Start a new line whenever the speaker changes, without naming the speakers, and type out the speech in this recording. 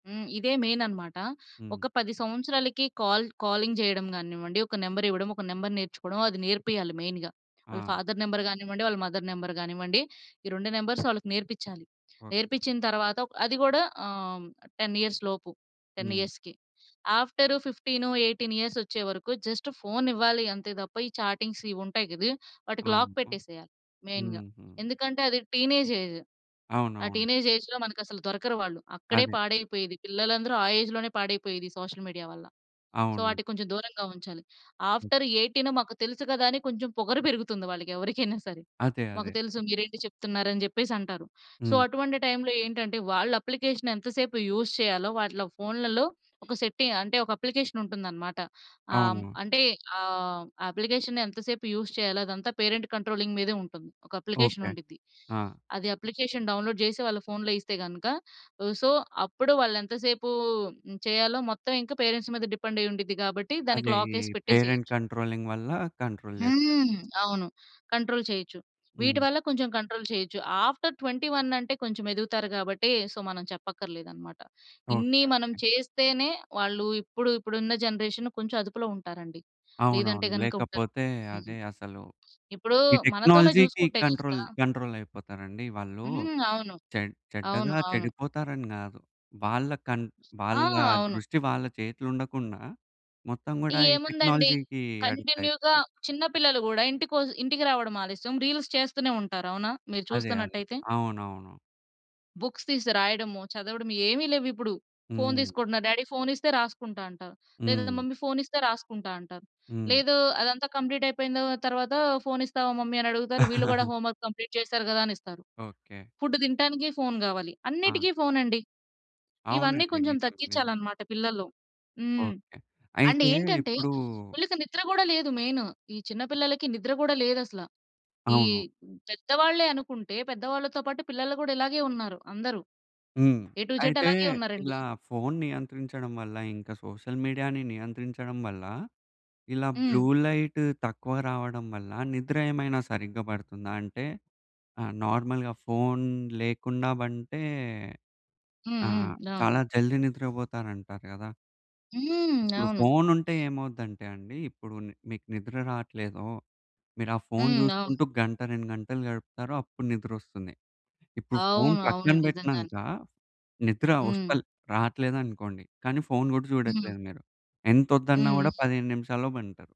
హ్మ్. ఇదే మెయిన్ అనమాట.
హ్మ్.
ఒక 10 సంవత్సరాలకి కాల్ కాలింగ్ చేయడం గానివ్వండి, ఒక నెంబర్ ఇవ్వడం, ఒక నంబర్ నేర్చుకోవడం అది నేర్పియాలి మెయిన్‌గా. వాళ్ళ
ఆ!
ఫాదర్ నంబర్ గానివ్వండి, వాళ్ళ మదర్ నెంబర్ కానివ్వండి, ఈ 2 నంబర్స్ వాళ్ళకి నేర్పిచ్చాలి.
ఓకే.
నేర్పిచ్చిన తర్వాత అది కూడా ఆహ్, 10 ఇయర్స్ లోపు. 10
హ్మ్.
ఇయర్స్‌కి. ఆఫ్టర్ 15, 18 ఇయర్స్ వచ్చేవరకు జస్ట్ ఫోన్ ఇవ్వాలి అంతే తప్ప, ఈ చాటింగ్స్ ఇవి ఉంటాయి కదూ వాటికి లాక్
అవును.
పెట్టేసేయాలి మెయిన్‌గా.
హుహు.
ఎందుకంటే, అది టీనేజ్ ఏజ్. ఆ
అవునవునండి.
టీనేజ్ ఏజ్‌లో మనకు అసలు దొరకరు వాళ్ళు. అక్కడే
అదే.
పాడైపోయేది పిల్లలందరూ ఆ ఏజ్ లోనే పాడైపోయేది సోషల్ మీడియా వల్ల. సో,
అవును.
ఆటికి కొంచెం దూరంగా ఉంచాలి.
హ్మ్.
ఆఫ్టర్ 18 మాకు తెలుసు కదా అని కొంచెం పొగరు పెరుగుతుంది వాళ్ళకి ఎవరికైనా సరే.
అదే,
మాకు
అదే.
తెలుసు మీరేంటి చెప్తున్నారు, అని చెప్పేసి అంటారు. సో,
హ్మ్.
అటువంటి టైమ్‌లో ఏంటంటే, వాళ్ళు అప్లికేషన్ ఎంత సేపు యూజ్ చేయాలో, వాటిలో ఫోన్‌లలో ఒక సెట్టింగ్ అంటే, ఒక అప్లికేషన్ ఉంటుందన్నమాట. ఆ! హ్మ్.
అవును.
అంటే ఆహ్, అప్లికేషన్ ఎంత‌సేపు యూజ్ చేయాలో అదంతా పేరెంట్ కంట్రోలింగ్ మీదే ఉంటుంది. ఒక అప్లికేషన్
ఓకే.
ఉండిద్ది,
ఆ!
అది అప్లికేషన్ డౌన్‌లోడ్ చేసి వాళ్ళ ఫోన్‌లో ఇస్తే గనక, హ్, సో, అప్పుడు వాళ్ళెంత సేపూ చేయాలో హ్మ్, మొత్తం ఇంకా పేరెంట్స్ మీద డిపెండ్ అయ్యి ఉండిద్ది గాబట్టి, దానికి
అదే,
లాక్
ఈ
యేసి
పేరెంట్
పెట్టేసేయొచ్చు.
కంట్రోలింగ్ వల్ల కంట్రోల్ చేస్తారు
హ్మ్.
ఇంక.
అవును. కంట్రోల్ చేయొచ్చు. వీటి
హ్మ్.
వల్ల కొంచెం కంట్రోల్ చేయొచ్చు. ఆఫ్టర్ 21 అంటే కొంచెం ఎదుగుతారు గాబట్టి సో, మనం చెప్పక్కర్లేదు అన్నమాట. ఇన్ని
ఓకే,
మనం
ఓకే.
చేస్తేనే వాళ్ళు ఇప్పుడు ఇప్పుడున్న జనరేషన్ కొంచెం అదుపులో ఉంటారండి. లేదంటే
అవునవును.
గనుక ఉండరు.
లేకపోతే
హ్మ్.
అదే అసలు,
ఇప్పుడు
ఈ
మనతోనే
టెక్నాలజీ‌కి
చూసుకుంటే
కంట్రోల్,
గనుక
కంట్రోల్ అయిపోతారండి వాళ్ళు.
హ్మ్ అవును.
చెడ్
అవును.
చెడ్డగా
అవును.
చెడిపోతారని కాదు. వాళ్ళ కన్
ఆ!
వాళ్ళ
అవును.
దృష్టి వాళ్ళ చేతులుండకుండా మొత్తం కూడా ఈ
ఏముందండి,
టెక్నాలజీ‌కి అడిక్ట్
కంటిన్యూ‌గా
అయిపోతారు.
చిన్న పిల్లలు గూడా ఇంటికొ ఇంటికి రావడం ఆలస్యం రీల్స్ చేస్తూనే ఉంటారు. అవునా! మీరు
అదే, అదే.
చూస్తున్నట్టయితే.
అవునవును.
బుక్స్ తీసి రాయడము, చదవడము, ఏమి లేవు ఇప్పుడు. ఫోన్
హ్మ్.
తీసుకోంటున్నారు. డ్యాడీ ఫోన్ ఇస్తే రాసుకుంటా అంటారు. లేదా,
హ్మ్.
మమ్మీ ఫోన్ ఇస్తే రాసుకుంటా అంటారు
హ్మ్.
లేదు, అదంతా కంప్లీట్ అయిపోయింది తర్వాత ఫోన్ ఇస్తావా మమ్మీ అని అడుగుతారు వీళ్ళు కూడా హోంవర్క్ కంప్లీట్ చేసారు కదా! అని ఇస్తారు.
ఓకే.
ఫుడ్ తింటానికి ఫోన్ గావాలి,
ఆ!
అన్నిటికీ ఫోన్ అండి. ఇవన్నీ
అవునండి.
కొంచెం
నిజం, నిజం.
తగ్గిచ్చాలన్నమాట పిల్లల్లో. హ్మ్.
ఓకే.
అండ్
అయితే
ఏంటంటే,
ఇప్పుడూ
వీళ్ళకి నిద్ర కూడా లేదు మెయిన్. ఈ చిన్న పిల్లలకి నిద్ర కూడా లేదు అసల. ఈ
అవును.
పెద్దవాళ్ళే అనుకుంటే, పెద్దవాళ్ళతో పాటు పిల్లలు కూడా ఇలాగే ఉన్నారు, అందరూ.
హ్మ్.
ఎ టు జడ్
అయితే
అలాగే ఉన్నారండి.
ఇలా ఫోన్ నియంత్రించడం వల్ల, ఇంక సోషల్ మీడియా‌ని నియంత్రించడం వల్ల, ఇలా బ్లూ
హ్మ్.
లైట్ తక్కువ రావడం వల్ల నిద్ర ఏమైనా సరిగ్గా పడుతుందా అంటే, ఆహ్, నార్మల్‌గా ఫోన్ లేకుండా పంటే
హ్మ్,
ఆ
హ్మ్.
చాలా
అవును.
జల్ది నిద్రపోతారంట కదా.
హ్మ్.
ఇప్పుడు
అవును.
ఫోనుంటే ఏమవుద్దంటే అండి, ఇప్పుడు ని మీకు నిద్ర రాట్లేదో, మీరు ఆ ఫోన్
హ్మ్. అవును.
చూసుకుంటూ గంట, 2 గంటలు గడుపుతారో అప్పుడు నిద్రొస్తుంది. ఇప్పుడు ఫోన్
అవును. అవును,
పక్కన
నిజంగానే.
పెట్టినంక నిద్ర
హ్మ్.
వస్తల్ రాట్లేదనుకోండి, కానీ ఫోన్ కూడా
హ్మ్.
చూడట్లేదు మీరు ఎంతొద్దన్నా గూడ,
హుహు.
15 నిమిషాల్లో పంటారు.